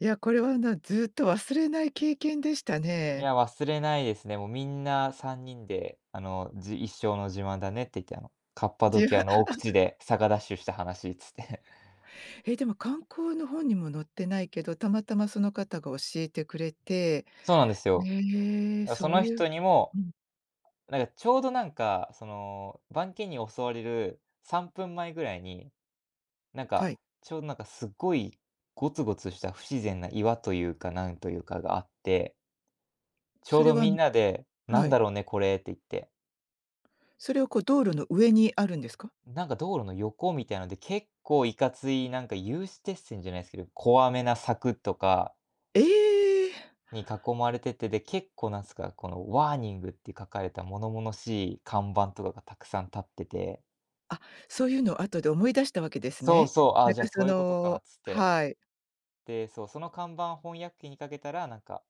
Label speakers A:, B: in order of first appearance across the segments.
A: いや、これは、な、ずっと忘れない経験でした
B: い
A: ね。
B: や、忘れないですね、もう。皆んな3人で、あの、じ「一生の自慢だね」って言って、「あのカッパド
A: じ
B: キヤ
A: ま
B: の奥地で 坂ダッシュした話」つって。
A: え、でも、観光の本にも載ってないけど、たまたまその方が教えてくれて、
B: そうなんですよ。
A: ねえ、
B: だ、そ
A: そう
B: の
A: いう
B: 人にも、
A: うん。
B: なんか、ちょうどなんか、その番犬に襲われる3分前位に、なん
A: は
B: か、
A: い。
B: ちょうどなんかすっごいごつごつした不自然な岩と言うか、何と言うかがあって丁
A: それ
B: 度
A: はあ
B: 皆ん
A: の
B: なで、
A: は
B: 「何
A: い。
B: だろうね、これ」って言って。
A: それはこう、道路の上にあるんですか？
B: なんか、道路の横みたいので、結構いかついなんか、有刺鉄線じゃないすけど、怖めな柵とか
A: ええ。
B: に、囲まれてて、で、結構何すか、この、ワーニングって書かれた物々しい看板とかが沢山建ってて
A: あ、そういうのを、後で思い出した訳です
B: そう
A: ね。
B: そう、「あ、
A: なん
B: じゃあ、
A: か、
B: そ
A: そ
B: う言うことか」っ
A: の
B: つって。
A: はい。
B: で、そう、その看板翻訳機にかけたら、なんか、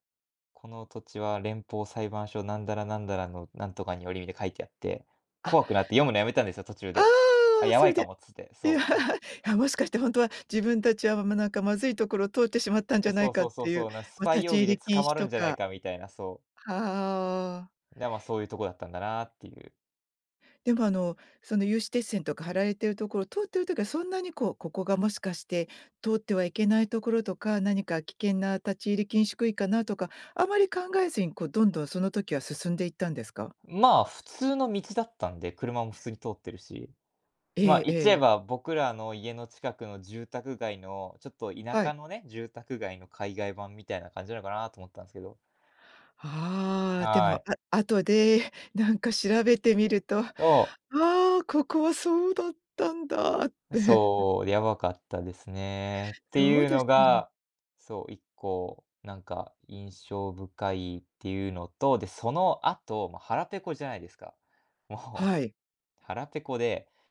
B: 「この土地は、連邦裁判所なんだら、なんだらの、なんとかにより」みで書いてあって、
A: あ
B: 怖くなって読むの止めたんですよ、途中
A: あ
B: で。「あ、
A: あ、
B: や
A: そ
B: ば
A: れ
B: い
A: で
B: かも」っつって、
A: いやい
B: そう。は
A: やもしかして、ほんとは自分達は、ま、何かまずい所を通ってしまったん
B: う
A: じ
B: う、
A: ゃな
B: そ
A: い
B: う
A: か
B: そ
A: っ
B: うそ
A: て
B: う
A: いう、
B: そう、なん、ス
A: ま、
B: パ
A: 立
B: イ
A: ち
B: 容疑
A: 入
B: で
A: り禁
B: 捕ま
A: 止
B: る
A: と
B: んじゃない
A: か。
B: か、みたいなそう。
A: ああ。
B: で、ま、そういうとこだったんだなっていう。
A: でもあの、その有刺鉄線とか貼られている所、通ってる時は、そんなにこう、ここがもしかして、通ってはいけない所とか、何か危険な立ち入り禁止区域かなとか、余り考えずに、こう、どんどんその時は進んで行ったんですか？
B: まあ、普通の道だったんで、車も普通に通ってるし、
A: え
B: ま、
A: え
B: 言っち
A: え
B: ゃえ
A: え。
B: ば、僕らの家の近くの住宅街のちょっと田
A: はい。
B: 舎のね、住宅街の、海外版みたいな感じなのかなと思ったんですけど。
A: ああ、で
B: は
A: も、あ
B: い。
A: 後で、なんか調べてみると、「あ、
B: と
A: ここはそうだったんだ」って。
B: そう、やばかったですね、って
A: そ
B: い
A: う
B: う
A: で
B: の
A: すよね
B: が、そう、1個、なんか印象深いっていうのと。で、その後、まあ、腹ぺこじゃないですか、も
A: はい。
B: う腹ぺこで